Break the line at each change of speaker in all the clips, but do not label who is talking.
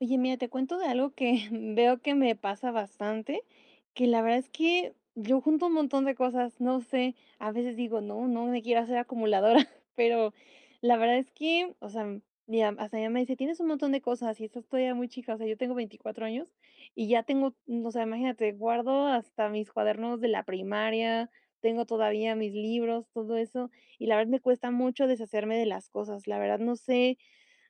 Oye, mira, te cuento de algo que veo que me pasa bastante, que la verdad es que yo junto un montón de cosas, no sé, a veces digo: "No, no me quiero hacer acumuladora", pero, la verdad, es que, o sea, ya hasta mi mamá me dice: "Tienes un montón de cosas y estás todavía muy chica", o sea, yo tengo 24 años, y ya tengo, m o sea, imagínate, guardo hasta mis cuadernos de la primaria, tengo todavía mis libros, todo eso. Y, la verdad, me cuesta mucho deshacerme de las cosas, la verdad, no sé.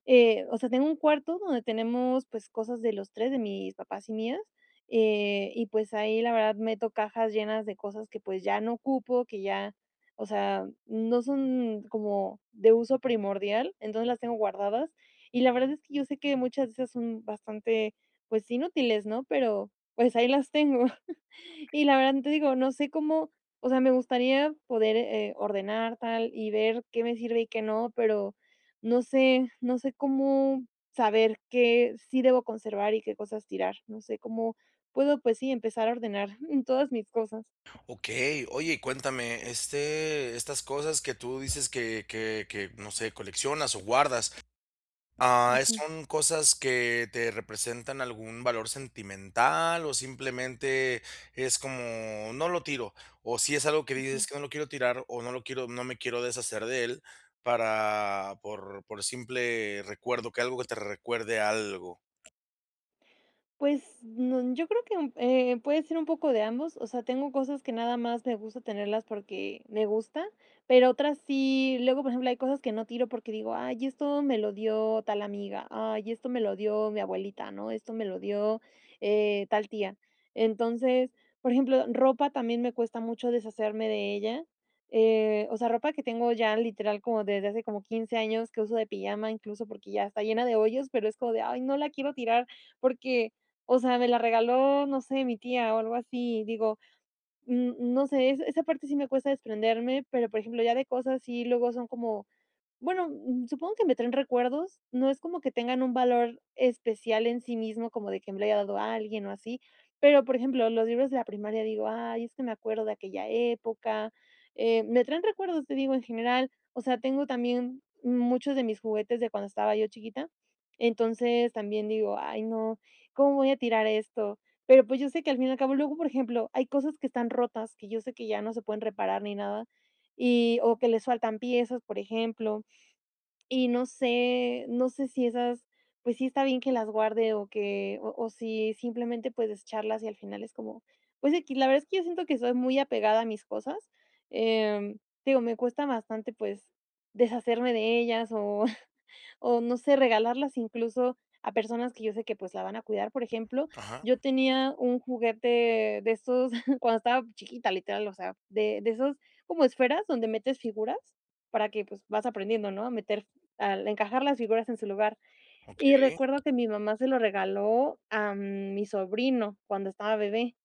Eh, o sea, tengo un cuarto donde tenemos, pues, cosas de los 3, de mis papás y mías, eh, y, pues, ahí, la verdad, meto cajas llenas de cosas que, pues, ya no ocupo, que ya, o sea, no son como de uso primordial, entonces, las tengo guardadas. Y, la verdad, es que yo sé que muchas de esas son bastante, pues, inútiles, ¿no? Pero, pues, ahí las tengo.
Okey.
Y la verdad, te digo, no sé cómo, o sea, me gustaría poder, eh, ordenar tal y ver qué me sirve y qué no, pero no sé no sé cómo saber qué sí debo conservar y qué cosas tirar, no sé cómo puedo, pues, sí, empezar a ordenar en todas mis cosas.
Okey. Oye, cuéntame, este, estas cosas que tú dices que que que, no sé, coleccionas o guardas, ah,
Ujú.
¿son cosas que te representan algún valor sentimental o simplemente es como: "No lo tiro"? ¿O si es algo que dices:
Ujú.
"Es que no lo quiero tirar o no lo quiero no me quiero deshacer de él", para por por simple recuerdo, que algo te recuerde algo?
Pues, n yo creo que un, eh, puede ser un poco de ambos, o sea, tengo cosas que nada más me gusta tenerlas porque me gusta pero otras sí luego por ejemplo hay cosas que no tiro porque digo: "Ay esto me lo dio tal amiga, ay esto me lo dio mi abuelita, ¿no? esto me lo dio eh, tal tía". Entonces, por ejemplo ropa también me cuesta mucho deshacerme de ella, eh, o sea, ropa que tengo ya literal como desde hace como 15 años que uso de pijama incluso porque ya está llena de hoyos, pero es como de: "Ay no la quiero tirar" porque, o sea, me la regaló, no sé, mi tía o algo así. Digo, n no sé, esa parte sí me cuesta desprenderme, pero por ejemplo ya ve cosas y luego son como bueno, supongo que me traen recuerdos, no es como que tengan un valor especial en sí mismo, como de que me la haya dado a alguien o así. Pero, por ejemplo, los libros de la primaria, digo: "Ay, es que me acuerdo de aquella época", eh, me traen recuerdos, te digo, en general, o sea, tengo también muchos de mis juguetes de cuando estaba yo chiquita. Entonces, también digo: "Ay no, ¿cómo voy a tirar esto?" Pero, pues, yo sé que al fin y al cabo, luego, por ejemplo, hay cosas que están rotas, que yo sé que ya no se pueden reparar ni nada, y o que les faltan piezas, por ejemplo, y no sé, no sé si esas, pues sí está bien que las guarde o que o o si simplemente puedes desecharlas y al final es como, pues, equis, la verdad es que yo siento que soy muy apegada a mis cosas, em, te digo, me cuesta bastante, pues, deshacerme de ellas o o no sé regalarlas incluso a personas que yo sé que, pues, la van a cuidar. Por ejemplo,
Ajá.
yo tenía un juguete de esos cuando estaba chiquita, literal, o sea, de de esos como esferas donde metes figuras para que, pues, vas aprendiendo ¿no? A meter fi al encajar las figuras en su lugar. Y
Okey.
recuerdo que mi mamá se lo regaló a mi sobrino cuando estaba bebé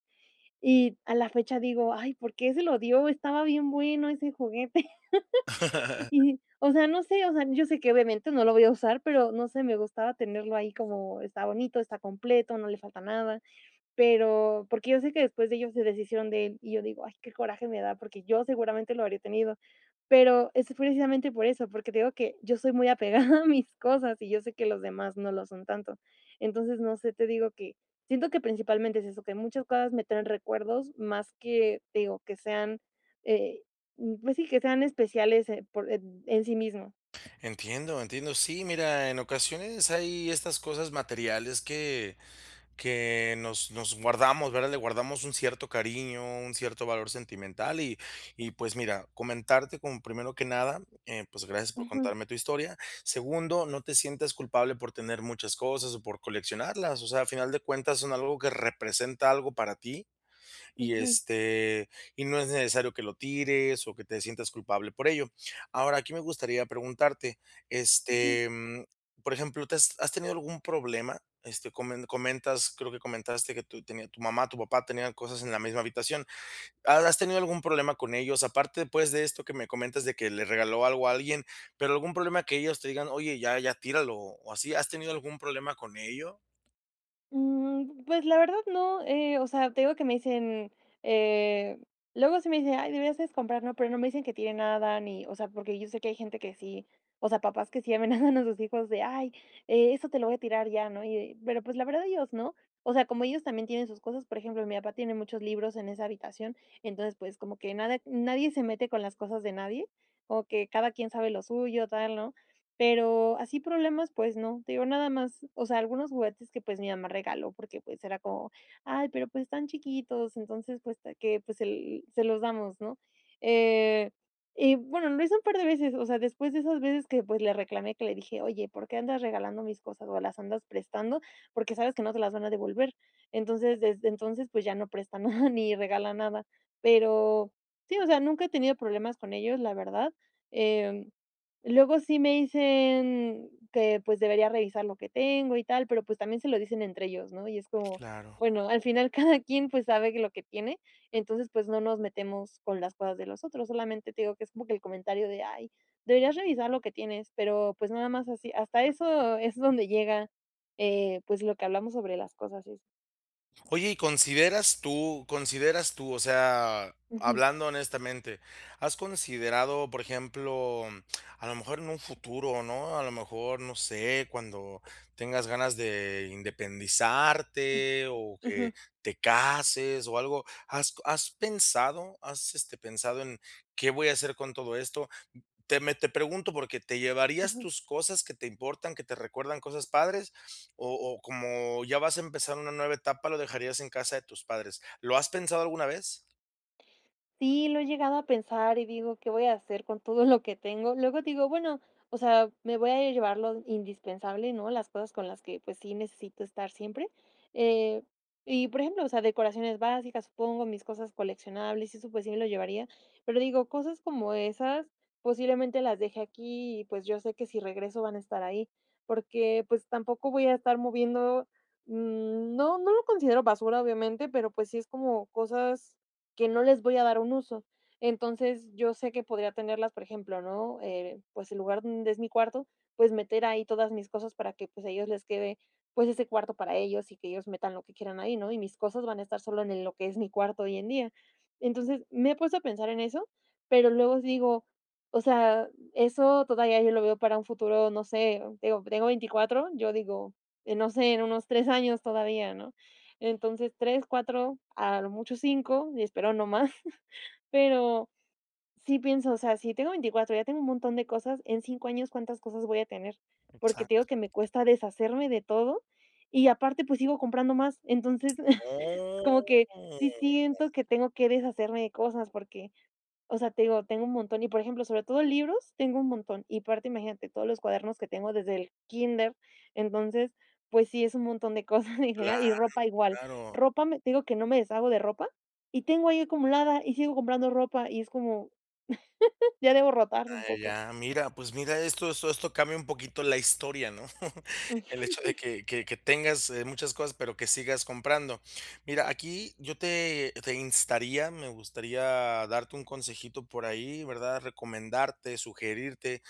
y a la fecha digo: "Ay ¿por qué se lo dio? Estaba bien bueno ese juguete". Y, o sea, no sé, o sea, yo sé que obviamente no lo voy a usar, pero no sé, me gustaba tenerlo ahí, como está bonito, está completo, no le falta nada, pero porque yo sé que después de ellos se deshicieron de él, y yo digo: "Ay, qué coraje me da", porque yo seguramente lo habría tenido. Pero es precisamente por eso, porque te digo que yo soy muy apegada a mis cosas y yo sé que los demás no lo son tanto. Entonces, no sé, te digo que siento que principalmente es eso, que muchas cosas me traen recuerdos más que, te digo, que sean, eh, pues sí, que sean especiales, eh, por ed en sí mismo.
Entiendo, entiendo. Sí, mira, en ocasiones hay estas cosas materiales que que nos nos guardamos, ¿verdad? Le guardamos un cierto cariño, un cierto valor sentimental y y, pues, mira, comentarte como primero que nada, eh, pues, gracias por
Ujú.
contarme tu historia. Segundo, no te sientas culpable por tener muchas cosas o por coleccionarlas, o sea, a final de cuentas son algo que representa algo para ti y,
Ujú.
este, y no es necesario que lo tires o que te sientas culpable por ello. Ahora, aquí me gustaría preguntarte,
Ujú.
este, mm, por ejemplo, ¿te has has tenido algún problema? Este, comen comentas creo que comentaste que tu tenía tu mamá, tu papá tenían cosas en la misma habitación. ¿Has tenido algún problema con ellos? Aparte, pues, de esto que me comentas de que le regaló algo a alguien, pero algún problema que ellos te digan: "Oye, ya ya tíralo", o así, ¿has tenido algún problema con ello?
Mm, pues, la verdad no, eh, o sea, te digo que me dicen eh, luego sí me dicen: "Ay, deberías de escombrar, ¿no?". Pero no me dicen que tire nada ni o sea, porque yo sé que hay gente que sí, o sea, papás que sí amenazan a sus hijos de: "Ay, eh, eso te lo voy a tirar ya, ¿no?". Y de pero pues la verdad, ellos no. O sea, como ellos también tienen sus cosas, por ejemplo, mi papá tiene muchos libros en esa habitación, entonces, pues como que nada nadie se mete con las cosas de nadie, como que cada quien sabe lo suyo, tal, ¿no? Pero así problemas, pues no. Te digo, nada más, o sea, algunos juguetes que, pues, mi mamá regaló porque, pues, era como: "Ay, pero pues están chiquitos". Entonces, puesto que, pues el: "Se los damos, ¿no?". Eh, y bueno, lo hice un par de veces, o sea, después de esas veces que, pues, le reclamé, que le dije: "Oye, ¿por qué andas regalando mis cosas? ¿O las andas prestando? Porque sabes que no se las van a devolver". Entonces, desde entonces, pues ya no prestan nada ni regala nada. Pero sí, o sea, nunca he tenido problemas con ellos, la verdad. Em, luego sí me dicen que, pues, debería revisar lo que tengo y tal, pero, pues, también se lo dicen entre ellos, ¿no? Y es como,
Claro.
bueno, al final cada quien pues sabe que lo que tiene, entonces pues no nos metemos con las cosas de los otros, solamente te digo que es como que el comentario de: "Ay, deberías revisar lo que tienes". Pero, pues, nada más así, hasta eso es donde llega, eh, pues lo que hablamos sobre las cosas es
Oye, ¿y consideras tú consideras tú? O sea,
Ujú.
hablando honestamente, ¿has considerado? Por ejemplo, a lo mejor en un futuro, ¿no? A lo mejor, no sé, cuando tengas ganas de independizarte, o
Ujú.
que te cases o algo. ¿Has has pensado? ¿Has, este, pensado en qué voy a hacer con todo esto? Te me te pregunto por qué, ¿te llevarías
Ujú.
tus cosas, que te importan, que te recuerdan cosas padres? O o como ya vas a empezar una nueva etapa, lo dejarías en casa de tus padres. ¿Lo has pensado alguna vez?
Sí, lo he llegado a pensar y digo: "¿Qué voy a hacer con todo lo que tengo?". Luego digo: "Bueno, o sea, me voy a llevar lo indispensable, ¿no? Las cosas con las que, pues, sí necesito estar siempre". Eh, y por ejemplo, o sea, decoraciones básicas, supongo, mis cosas coleccionables y eso, pues sí lo llevaría. Pero digo: "Cosas como esas posiblemente las deje aquí y, pues, yo sé que si regreso van a estar ahí porque, pues, tampoco voy a estar moviendo". No, no lo considero basura, obviamente, pero, pues, sí es como cosas que no les voy a dar un uso. Entonces, yo sé que podría tenerlas, por ejemplo, ¿no? Eh, pues, el lugar donde es mi cuarto, pues, meter ahí todas mis cosas para que, pues, a ellos les quede, pues, ese cuarto para ellos y que ellos metan lo que quieran ahí, ¿no? Y mis cosas van a estar solo en lo que es mi cuarto hoy en día. Entonces, me he puesto a pensar en eso, pero luego digo: "O sea, eso todavía yo lo veo para un futuro, no sé". Digo, tengo 24 yo digo: "No sé, en unos 3 años todavía, ¿no?". Entonces 3, 4, a lo mucho 5 y espero no más, pero sí pienso, o sea, si tengo 24 ya tengo un montón de cosas, en 5 años, ¿cuántas cosas voy a tener? Porque te digo
Exacto.
que me cuesta deshacerme de todo y, aparte, pues sigo comprando más, entonces como
Oh.
que sí siento que tengo que deshacerme de cosas porque, o sea, te digo, tengo un montón y por ejemplo, sobre todo libros tengo un montón y, aparte, imagínate todos los cuadernos que tengo desde el kinder. Entonces, pues sí es un montón de cosas en
Claro,
general y ropa igual.
claro.
Ropa, me te digo que no me deshago de ropa y tengo ahí acumulada y sigo comprando ropa y es como ya debo rotar un
Ah,
poco.
ya, mira, pues mira, esto esto esto cambia un poquito la historia, ¿no? El hecho de que que que tengas muchas cosas, pero que sigas comprando. Mira, aquí yo te te instaría, me gustaría darte un consejito por ahí, ¿verdad?, recomendarte, sugerirte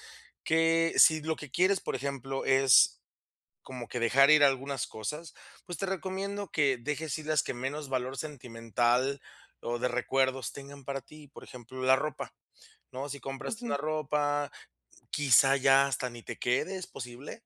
que si lo que quieres, por ejemplo, es como que dejar ir algunas cosas, pues te recomiendo que dejes ir las que menos valor sentimental o de recuerdos tengan para ti. Por ejemplo, la ropa, ¿no? Si compraste una
Ujú.
ropa, q quizá ya hasta ni te quede, es posible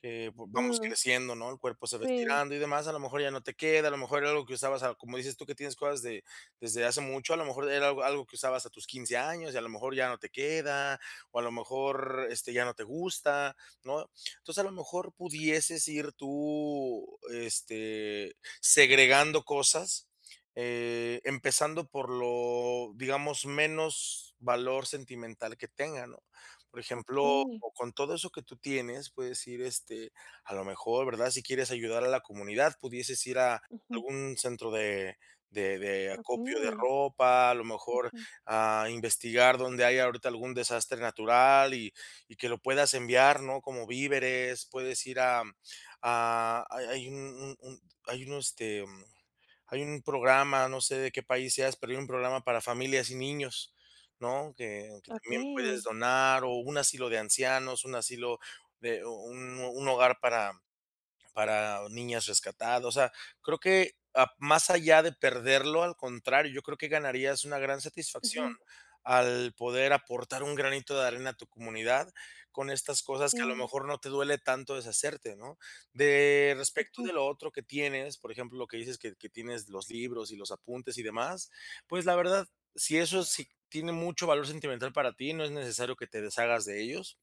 que v vamos
Mm.
creciendo, ¿no? El cuerpo se va
Sí.
estirando y demás, a lo mejor ya no te queda, a lo mejor era algo que usabas, a como dices tú que tienes cosas de desde hace mucho, a lo mejor era algo algo que usabas a tus 15 años y a lo mejor ya no te queda, o a lo mejor, este, ya no te gusta, ¿no? Entonces, a lo mejor pudieses ir tú, este, segregando cosas, eh, empezando por lo, digamos, menos valor sentimental que tenga, ¿no? Por ejemplo,
Okey.
con todo eso que tú tienes, puedes ir, este, a lo mejor, ¿verdad? Si quieres ayudar a la comunidad, pudieses ir a
Ujú.
algún centro de, de de acopio de
Okey.
ropa, a lo mejor
Ujú.
a investigar donde haya ahorita algún desastre natural y y que lo puedas enviar, ¿no? Como víveres, puedes ir a a hay hay un un un hay un este hay un programa, no sé de qué país seas, pero hay un programa para familias y niños, ¿no? Que que también puedes
Okey.
donar, o un asilo de ancianos, un asilo de u u un un hogar para para niñas rescatadas, o sea, creo que más allá de perderlo, al contrario, yo creo que ganarías una gran satisfacción
Ujú.
al poder aportar un granito de arena a tu comunidad con estas cosas que a lo
Sí.
mejor no te duele tanto deshacerte, ¿no? De respecto
Ujú.
de lo otro que tienes, por ejemplo, que dices que que tienes los libros y los apuntes y demás, pues la verdad, si eso sí tiene mucho valor sentimental para ti, no es necesario que te deshagas de ellos.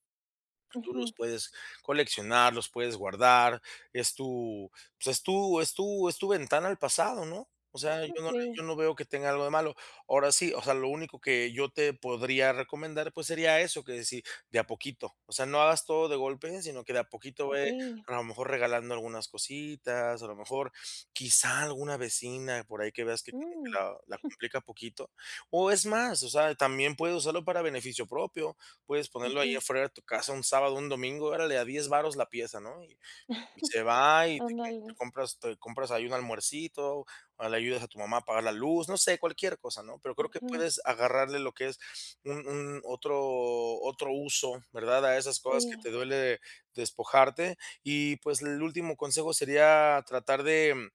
Tú los
Ujú.
puedes coleccionar, los puedes guardar. Es tu, pues es tú es tú es tu ventana al pasado, ¿no? O sea, yo
Oh,
no
sí.
yo no veo que tenga algo de malo. Ahora sí, o sea, lo único que yo te podría recomendar, pues sería eso, que si, de a poquito. O sea, no hagas todo de golpe, sino que de a poquito ve,
Okey.
a lo mejor regalando algunas cositas, a lo mejor quizá alguna vecina, por ahí que veas que
Mm.
la la complica poquito. O es más, o sea, también puedes usarlo para beneficio propio, puedes ponerlo ahí
Ujú.
afuera de tu casa un sábado o un domingo, órale a 10 varos la pieza, ¿no? Y y se va y te
Ándale.
compras te compras ahí un almuercito o le ayudas a tu mamá a pagar la luz, no sé, cualquier cosa, ¿no? Pero creo que
Ujú.
puedes agarrarle lo que es un un otro otro uso, ¿verdad? A esas cosas que
Sí.
te duele despojarte. Y, pues, el último consejo sería tratar de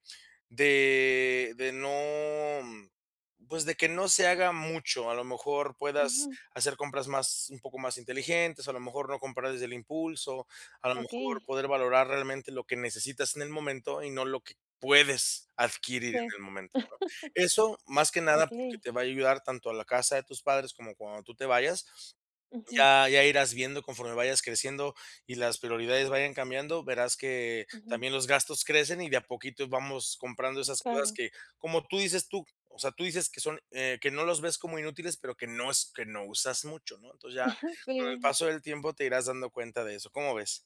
de de no, pues, de que no se haga mucho. A lo mejor puedas
Ujú.
hacer compras más, un poco más inteligentes, a lo mejor no comprar desde el impulso, a lo mejor
Okey.
poder valorar realmente lo que necesitas en el momento y no lo que puedes adquirir
Sí.
en el momento, ¿no? Eso, más que nada, porque
Okey.
te va a ayudar tanto a la casa de tus padres como cuando tú te vayas.
Ujú.
Ya ya irás viendo conforme vayas creciendo y las prioridades vayan cambiando, verás que
Ujú.
también los gastos crecen y de a poquito vamos comprando esas cosas
Claro.
que, como tú dices tú, o sea, tú dices que son, eh, que no los ves como inútiles, pero que no es que no usas mucho, ¿no? Entonces, ya, con el
Sí.
paso del tiempo te irás dando cuenta de eso, ¿cómo ves?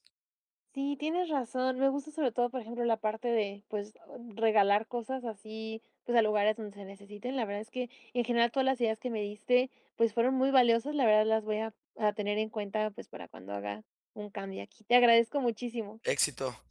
Sí, tienes razón. Me gusta sobre todo, por ejemplo, la parte de, pues o regalar cosas así, pues a lugares donde se necesiten. La verdad es que, en general, todas las ideas que me diste, pues, fueron muy valiosas, la verdad, las voy a a tener en cuenta, pues, para cuando haga un cambio aquí. Te agradezco muchísimo.
Éxito.